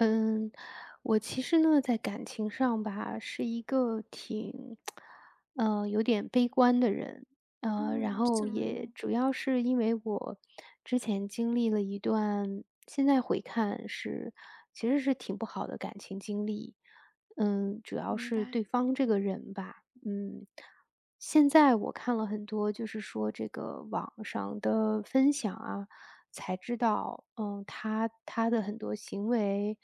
嗯，我其实呢，在感情上吧，是一个挺 呃，有点悲观的人。呃，然嗯，后怎么也了？主要是因为我之前经历了一段现在回看是其实是挺不好的感情经历。嗯，主要明是白。对方这个人吧嗯，现在我看了很多，就是说这个网上的分享啊，才知道，嗯，他他的很多行为，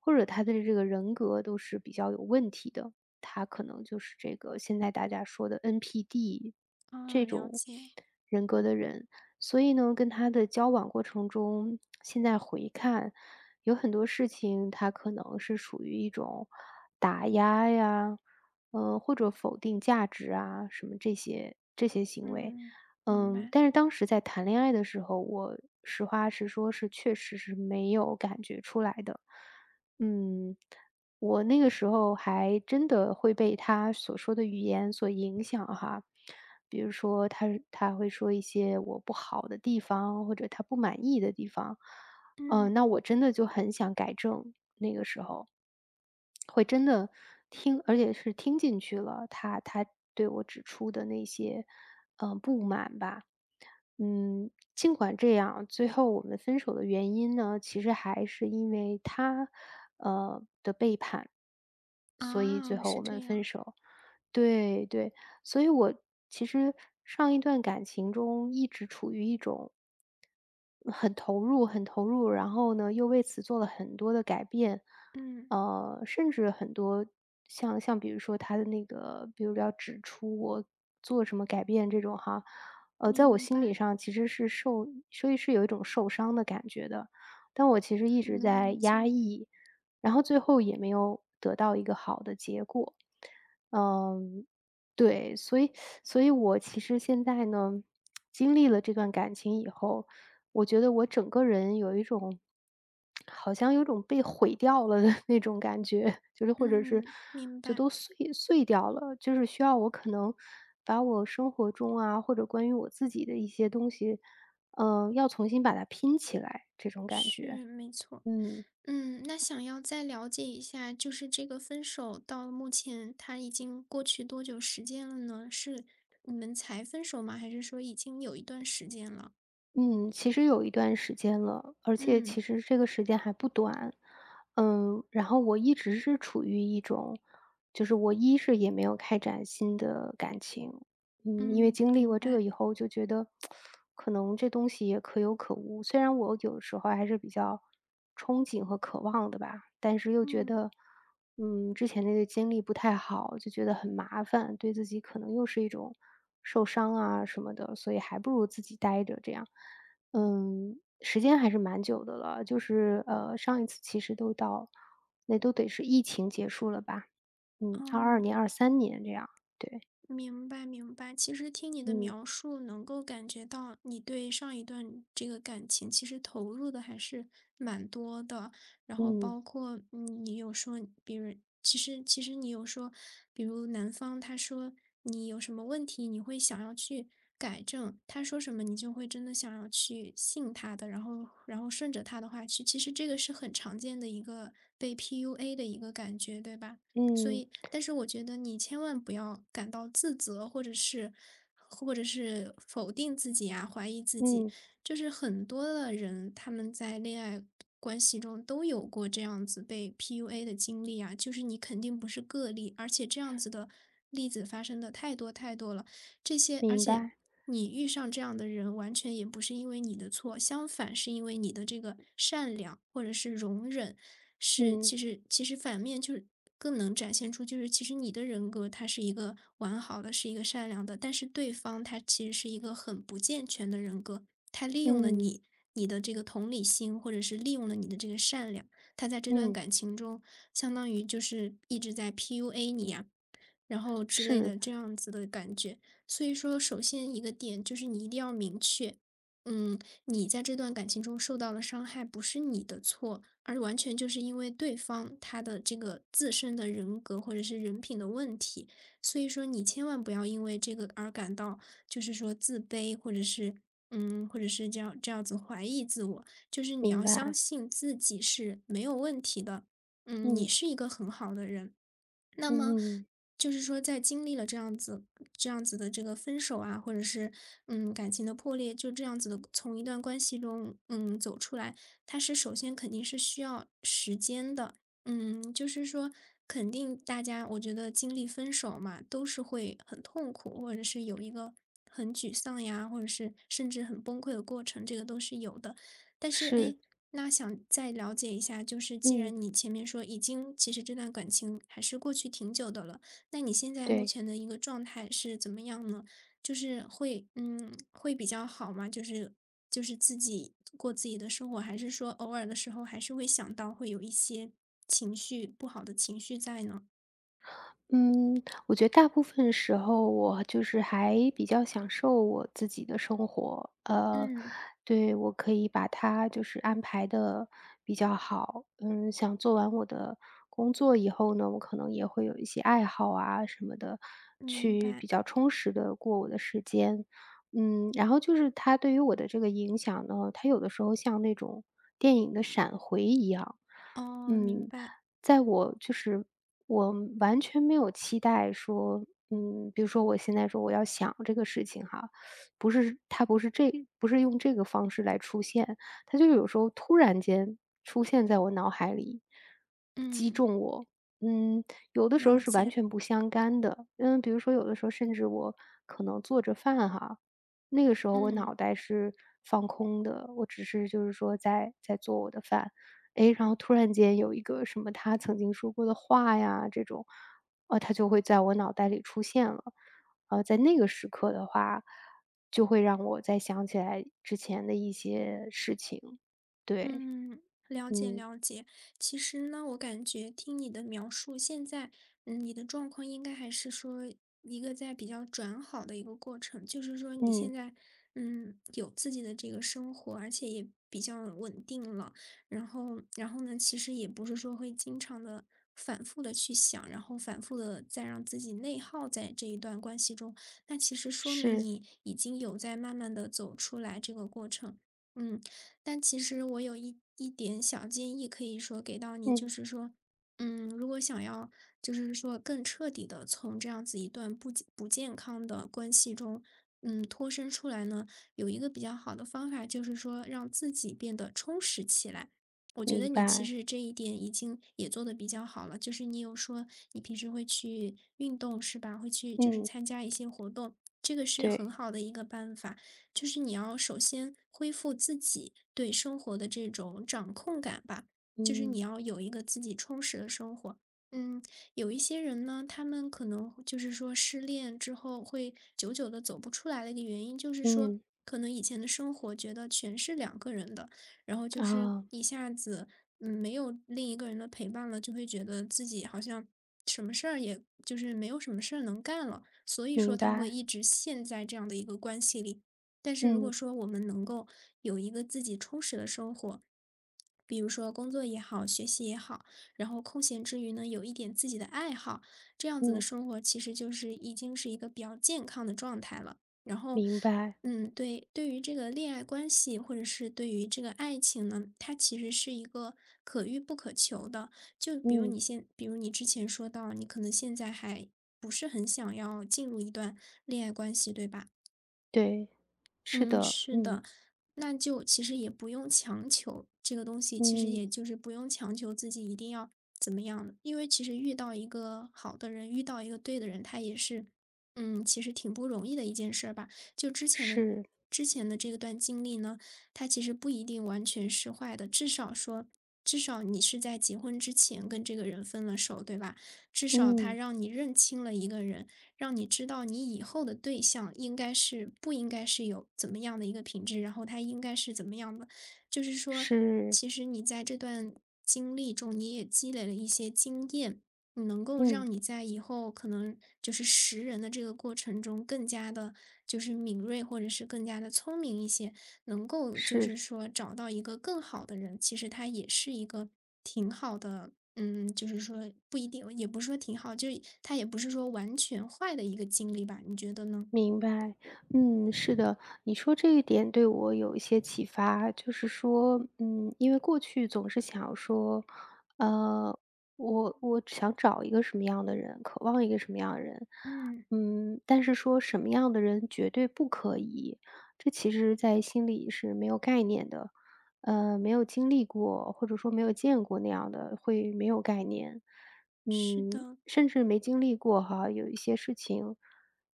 或者他的这个人格都是比较有问题的。他可能就是这个现在大家说的 NPD，哦，这了种解。人格的人。所以呢，跟他的交往过程中，现在回看，有很多事情，他可能是属于一种打压呀，呃，或者否定价值啊什么这些这些行为。嗯，明嗯，白。但是当时在谈恋爱的时候，我实话实说是确实是没有感觉出来的。嗯，我那个时候还真的会被他所说的语言所影响哈。比如说他他会说一些我不好的地方，或者他不满意的地方，嗯。嗯，那我真的就很想改正，那个时候。会真的听，而且是听进去了，他他对我指出的那些，呃，不满吧。嗯，尽管这样，最后我们分手的原因呢，其实还是因为他，呃，的背叛，所以最啊，后是我们这分样。手。对对，所以我其实上一段感情中一直处于一种很投入很投入，然后呢又为此做了很多的改变。嗯。呃，甚至很多，像像比如说他的那个比如要指出我做什么改变这种哈，呃，在我明心白。理上其实是受所以是有一种受伤的感觉的。但是我其实一嗯，直能在理压解。抑，然后最后也没有得到一个好的结果，嗯，对。所以所以我其实现在呢，经历了这段感情以后，我觉得我整个人有一种好像有种被毁掉了的那种感觉，就是或者是，嗯，明就白。都碎碎掉了，就是需要我可能把我生活中啊，或者关于我自己的一些东西，呃，要重新把它拼起来，这种感觉，是，没错儿。嗯。嗯，那想要再了解一下，就是这个分手到目前它已经过去多久时间了呢，是你们才分手吗？还是说已经有一段时间了？嗯，其实也有一段时间了，而且嗯。其实这个时间还不短。呃，然后我一直是处于一种就是我一是也没有开展新的感情，嗯，因为嗯，经历明过这白。个以后，就觉得 可能这东西也可有可无，虽然我有的时候还是比较憧憬和渴望的吧。但是又觉嗯。得，嗯，之前那个经历不太好，就觉得很麻烦，对自己可能又是一种受伤啊什么的，所以还不如自己呆着这样。嗯，时间还是蛮久的了，就是，呃，上一次其实都到那都得是疫情结束了吧，嗯，二哦。二年、23年这样，对。明白明白，其实听你的嗯。描述能够感觉到，你对上一段这个感情其实投入的还是蛮多的。然后嗯。包括，嗯，你有说别人其实其实你有说，比如男方他说，你有什么问题，你会想要去改正，他说什么你就会真的想要去信他的，然后然后顺着他的话去其实这个是很常见的一个被 PUA 的一个感觉，对吧？所嗯。以但是我觉得你千万不要感到自责，或者是或者是否定自己呀，怀疑自己。嗯。就是很多的人，他们在恋爱关系中都有过这样子被 PUA 的经历呀，就是你肯定不是个例。而且这样子的例子发生得太多太多了，这些而明且白。你遇上这样的人完全也不是因为你的错，相反是因为你的这个善良或者是容忍，是嗯。其实其实反面就是更能展现出就是其实你的人格，它是一个完好的，是一个善良的，但是对方他其实是一个很不健全的人格。他利用了嗯。你，你的这个同理心，或者是利用了你的这个善良，他在这段嗯。感情中相当于就是一直在 PUA 你呀，然后之类是。的这样子的感觉。所以说首先一个点就是你一定要明确，嗯，你在这段感情中受到了伤害不是你的错，而完全就是因为对方他的这个自身的人格或者是人品的问题，所以说你千万不要因为这个而感到就是说自卑，或者是嗯，或者是这样这样子怀疑自我，就是你明要相白。信自己是没有问题的，嗯，你嗯。是一个很好的人。那么，嗯。就是说在经历了这样子这样子的这个分手啊，或者是，嗯，感情的破裂，就这样子的从一段关系中，嗯，走出来，它是首先肯定是需要时间的，嗯，就是说肯定大家我觉得经历分手嘛，都是会很痛苦，或者是有一个很沮丧呀，或者是甚至很崩溃的过程，这个都是有的。但是，是。诶，那想再了解一下，就是既嗯。然你前面说已经其实这段感情还是过去挺久的了，那你现在目对。前的一个状态是怎么样呢？就是会嗯，会比较好吗？就是就是自己过自己的生活，还是说偶尔的时候，还是会想到会有一些情绪不好的情绪在呢？嗯，我觉得大部分时候我就是还比较享受我自己的生活，呃，嗯。对，我可以把它就是安排得比较好。嗯，像做完我的工作以后呢，我可能也会有一些爱好啊什么的，明去白。比较充实地过我的时间。嗯，然后就是它对于我的这个影响呢，它有的时候像那种电影的闪回一样。哦，明嗯，白。在我就是我完全没有期待说嗯，比如说我现在说我要想这个事情哈，不是，它不是这不是用这个方式来出现，它就有时候突然间出现在我脑海里，击嗯。中我。嗯，有的时候了是完解。全不相干的，嗯，比如说有的时候甚至我可能做着饭哈，那个时候我嗯。脑袋是放空的，我只是就是说在在做我的饭，哎，然后突然间有一个什么他曾经说过的话呀，这种，啊，他就会在我脑袋里出现了，呃，在那个时刻的话就会让我再想起来之前的一些事情，对，嗯，了解嗯。了解。其实呢，我感觉听你的描述，现在，呃，你的状况应该还是说一个在比较转好的一个过程。就是说你嗯。现在，嗯，有自己的这个生活，而且也比较稳定了。然后然后呢，其实也不是说会经常地、反复地去想，然后反复地再让自己内耗在这一段关系中，那其实说明是。你已经有在慢慢地走出来这个过程。嗯，但其实我有一一点小建议可以说给到你，就嗯。是说，嗯，如果想要，就是说更彻底地从这样子一段不健不健康的关系中，嗯，脱身出来呢，有一个比较好的方法就是说让自己变得充实起来。我觉得明你其白。实这一点已经也做得比较好了，就是你有说你平时会去运动是吧，会去就是嗯。参加一些活动，这个是很对。好的一个办法。就是你要首先恢复自己对生活的这种掌控感吧，就是你嗯。要有一个自己充实的生活。嗯，有一些人呢，他们可能就是说失恋之后会久久地走不出来的一个原因，就是说嗯。可能以前的生活觉得全是2个人的，然后就是哦。一下子，嗯，没有另一个人的陪伴了，就会觉得自己好像什么事儿也就是没有什么事能干了。所以说明他会白。一直陷在这样的一个关系里。但是如果嗯。说我们能够有一个自己充实的生活，比如说工作也好，学习也好，然后空闲之余呢，有一点自己的爱好，这样子的嗯。生活其实就是已经是一个比较健康的状态了。然后，明白。嗯，对对于这个恋爱关系，或者是对于这个爱情呢，它其实是一个可遇不可求的，就比如嗯。你现比如你之前说到你可能现在还不是很想要进入一段恋爱关系，对吧？对，是嗯，的。是嗯。的，那就其实也不用强求，这个东西，其实也嗯。就是不用强求自己一定要怎么样。因为其实遇到一个好的人，遇到一个对的人，它也是，嗯，其实挺不容易的一件事儿吧。就之前是。之前的这段经历呢，它其实不一定完全是坏的。至少说至少你是在结婚之前跟这个人分了手，对吧？至少他嗯。让你认清了一个人，让你知道你以后的对象，应该是不应该是有怎么样的一个品质，然后他应该是怎么样的。就是说，是。其实你在这段经历中，你也积累了一些经验，能够让嗯。你在以后，可能就是识人的这个过程中，更加地就是敏锐，或者是更加聪明一些，能够就是。是说找到一个更好的人，其实它也是一个挺好的嗯，就是说不一定，也不是说挺好，就是它也不是说完全坏的一个经历吧。你觉得呢？明白，嗯，是的。你说这一点对我有一些启发，就是说嗯，因为过去总是想说呃，我我只想找一个什么样的人，渴望一个什么样的人，嗯。嗯，但是说什么样的人绝对不可以，这其实在心里是没有概念的。呃，没有经历过、或者说没有见过那样的，会没有概念。是嗯，的。甚至没经历过哈，有一些事情，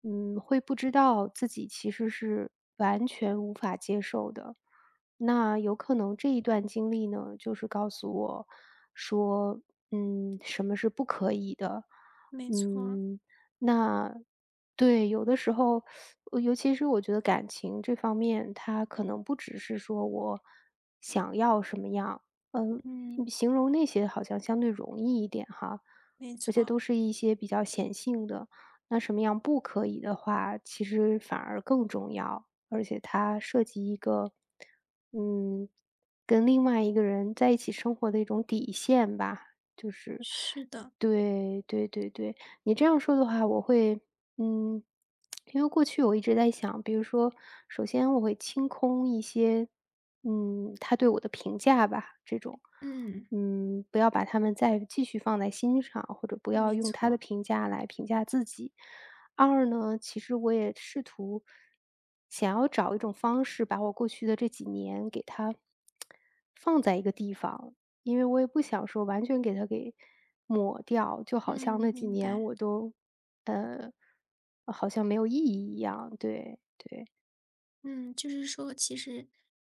嗯，会不知道自己其实是完全无法接受的。那有可能这一段经历呢，就是告诉我说，嗯，什么是不可以的。没错儿。嗯，那对。有的时候，尤其是我觉得感情这方面，它可能不只是说我想要什么样，呃，嗯。形容那些好像相对容易一点哈。没而且错。都是一些比较显性的，那什么样不可以的话，其实反而更重要，而且它涉及一个，嗯，跟另外一个人在一起生活的一种底线吧。就是是的。对，对对对，你这样说的话我会嗯，因为过去我一直在想，比如说，首先我会清空一些，嗯，他对我的评价吧，这种。嗯。嗯，不要把它们再继续放在心上，或者不要没用他的错。评价来评价自己。二呢，其实我也试图，想要找一种方式把我过去的这几年给它 放在一个地方，因为我也不想说完全给它给抹掉。就好像嗯，那几明年白。我都呃，好，像没有意义一样。对对。嗯，就是说其实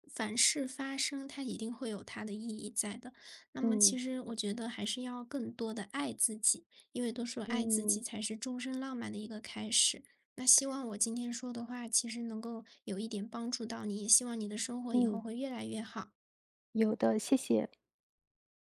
凡事发生，它一定会有它的意义在的。那么其嗯。实我觉得还是要更多地爱自己，因为都是爱自己嗯。才是终生浪漫的一个开始。那希望我今天说的话，其实能够有一点帮助到你，也希望你的生活以后嗯。会越来越好。有的，谢谢。